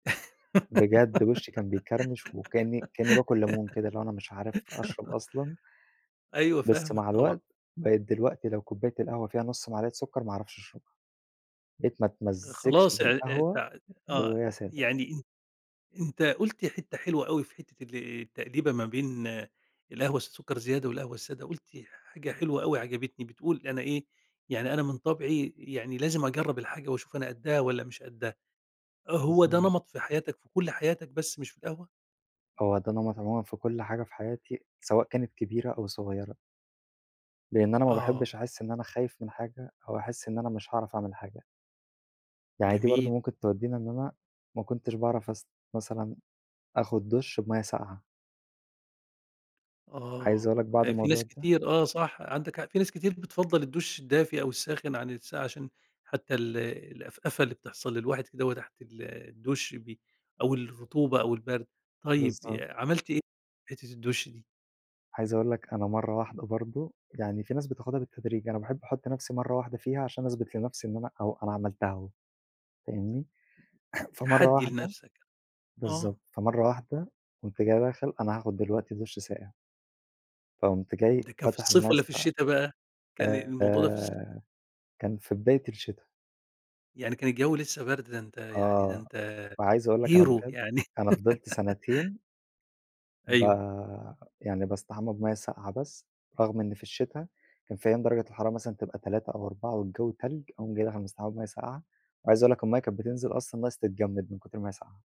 بجد وشّي كان بيكرمش، وكأني كأني باكل ليمون كده اللي هو أنا مش عارف أشرب أصلًا. أيوه بس فاهمك، مع طبعًا. الوقت، بقيت دلوقتي لو كوباية القهوة فيها نص معلقة سكر ما اعرفش أشربها، بقيت ما اتمزجش خلاص آآ آآ بالقهوة ت غير آه، وهي سادة. يعني أن أنت قُلت حتة حلوة أوي في حتة ال التأديبة ما بين القهوة السكر زيادة والقهوة السادة قُلت حاجة حلوة أوي عجبتني، بتقول أنا إيه يعني أنا من طابعي يعني لازم أجرب الحاجة وأشوف أنا قدها والَّا مش قدها، هو ده بالضبط. نمط في حياتك في كل حياتك بس مش في القهوة؟ هو ده نمط عمومًا في كل حاجة في حياتي، سواء كانت كبيرة أو صغيرة. لإن أنا ما آه. باحبش أحس إن أنا خايف من حاجة، أو أحس إن أنا مش هاعرف أعمل حاجة. يعني دي برضه جميل. ممكن تودينا إن أنا ما كنتش باعرف أس مثلًا آخد دُش بمَيَّة ساقعة. عايز آه، اقول لك بعد في ناس الموضوع ده كتير آه، صح عندك حق في ناس كتير بتفضّل الدُش الدافي أو الساخن عن الساقع عشان حتى ال الأفأفة اللي بتحصل للواحد كدهوّة تحت ال الدُش بي أو الرطوبة أو البرد، طيب بالضبط. آآ، عملت إيه في حتة الدُش دي؟ عايز أقول لك أنا مرّة واحدة برضه، يعني في ناس بتاخدها بالتدريج أنا باحب أحط نفسي مرّة واحدة فيها عشان أثبت لنفسي إن أنا أو أنا عملتها أهو فاهمني، فمرّة تحدي واحدة لنفسك، آه. بالضبط، فمرّة واحدة قُمت جاي داخل أنا هاخد دلوقتي دُش ساقع. فقُمت جاي ده كان في فاتح الصيف المَيَّة والَّا في الساقعة الشتا بقى، كان الموضوع ده في الص آآ، كان في بداية الشتا. يعني كان الجوي لسه برد، ده أنت يعني ده آه، أنت وعايز أقول لك أنا hero بجد يعني. أنا فضلت سنتين ب أيوه. يعني باستحمى بمَيَّة ساقعة بس، رغم إن في الشتا كان في أيام درجة الحرارة مثلًا تبقى 3 أو 4 والجو تلج، أقوم جي داخل مستحمي بماية ساقعة، وعايز أقول لك المَيَّة كانت بتنزل أصلًا ناقص تتجمد من كُتر ما هي ساقعة.